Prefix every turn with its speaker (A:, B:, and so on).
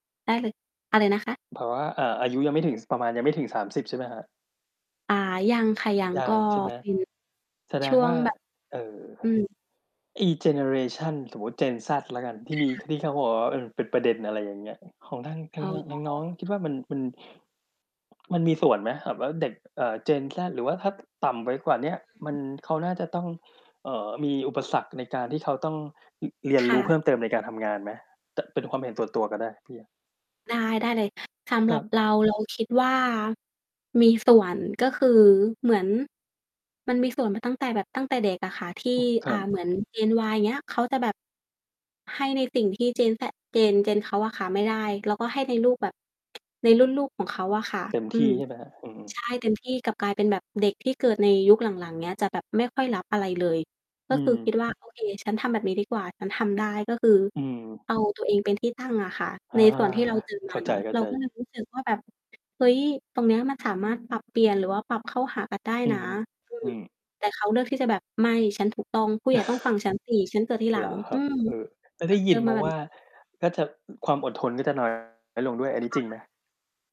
A: ได้เลย อะไรนะคะ?
B: เพราะว่า อ่า อายุยังไม่ถึง ส ประมาณยังไม่ถึง 30 ใช่ไหมครับ?
A: อา ยังค่ะ ยัง
B: ยั
A: ก็
B: ง ใช่ไหม?
A: เป็น
B: แสด
A: ช
B: ง
A: ่ว
B: ว
A: ง
B: ่า
A: แบบ
B: เอ่อ
A: อืม
B: อีเจเนอเรชัน สมมุติ Gen Z แล้วกัน ที
A: ค
B: ่มี
A: ่ะ
B: ที่เขาบอกว่า เออ เป็นประเด็น อะไรอย่างเงี้ย อ ของทาง ท
A: อ
B: า
A: ๋
B: ง ทางน้อ
A: อ
B: งคิดว่า มันเป็น มันมีส่วนไหมสำหรับเด็ก เอ่อ Gen Z หรือว่าถ้า ต่ำไปกว่าเนี้ย
A: อ
B: มัน
A: ืม
B: เขาน่าจะต้อง เอ่อ มีอุปสรรคในการที่เขาต้อง อ เรีย
A: ค
B: นร
A: ่
B: ู้เพ
A: ะ
B: ิ่มเติมในการทำงานไหม? ต เป็นความเห็นส่วน ตัวก็ได้ พี่อะ
A: ได้ ได้เลย สำห
B: ค
A: ร
B: ร
A: ั
B: ั
A: บ
B: บ
A: เรา เราคิดว่า มีส่วน ก็คือเหมือน มันมีส่วนมาตั้งแต่แบบ ตั้งแต่เด็กอะค่ะ ที่
B: อือ ค
A: อ
B: ร
A: ่
B: ั
A: า เหมื
B: บ
A: อน Gen Y อย่างเงี้ย เขาจะแบบ ให้ในสิ่งที่ Gen Z Gen Gen เขาอะค่ะไม่ได้ แล้วก็ให้เลี้ยงลูกแบบ ในรุ่นลูกของเขาอะค่ะ
B: เต็ม
A: อื
B: ที
A: ม
B: ่ ใช่ไหมครับ? อือ
A: ใช่ เต็มที่ กลับกลายเป็นแบบเด็กที่เกิดในยุคหลัง ๆ เงี้ย จะแบบไม่ค่อยรับอะไรเลย ก็
B: อื
A: คือคิ
B: อ
A: ดว่า โอเค ฉันทำแบบนี้ดีกว่า ฉันทำได้ ก็คือ
B: อือ
A: เอาตัวเองเป็นที่ตั้งอะค่ะ
B: อา
A: ในส่วน ที่เราเจอ
B: เ
A: ม
B: ข้
A: า
B: า
A: เน
B: ใ
A: าะ เรา
B: จ
A: ก็เ
B: ๆ
A: ลยรู้สึกว่า แบบ เฮ้ย ตรงเนี้ยมันสามารถปรับเปลี่ยน หรือว่าปรับเข้าหากันได้
B: อื
A: นะ
B: อฮึ
A: อื
B: อื
A: ม
B: ม
A: แต่เขาเลือกที่จะแบบ "ไม่ ฉันถูกต้อง ผู้ใหญ่ต้องฟัง ฉันสิ ฉันเกิดทีหล
B: เ
A: ั
B: หร
A: ง"
B: อค
A: อื
B: รับ?
A: ม
B: เออ ก็
A: ฉ
B: ได
A: ั
B: ้
A: น
B: ย
A: เจ
B: ิ
A: อ
B: นม
A: มา
B: า
A: แบ
B: ว
A: บ
B: ่
A: นี้
B: า ก็จะ อ ความอดทน ก็จะ น้อย ลงด้วย อันน
A: ค
B: ี้
A: ่
B: จริง
A: ะ
B: ไหม?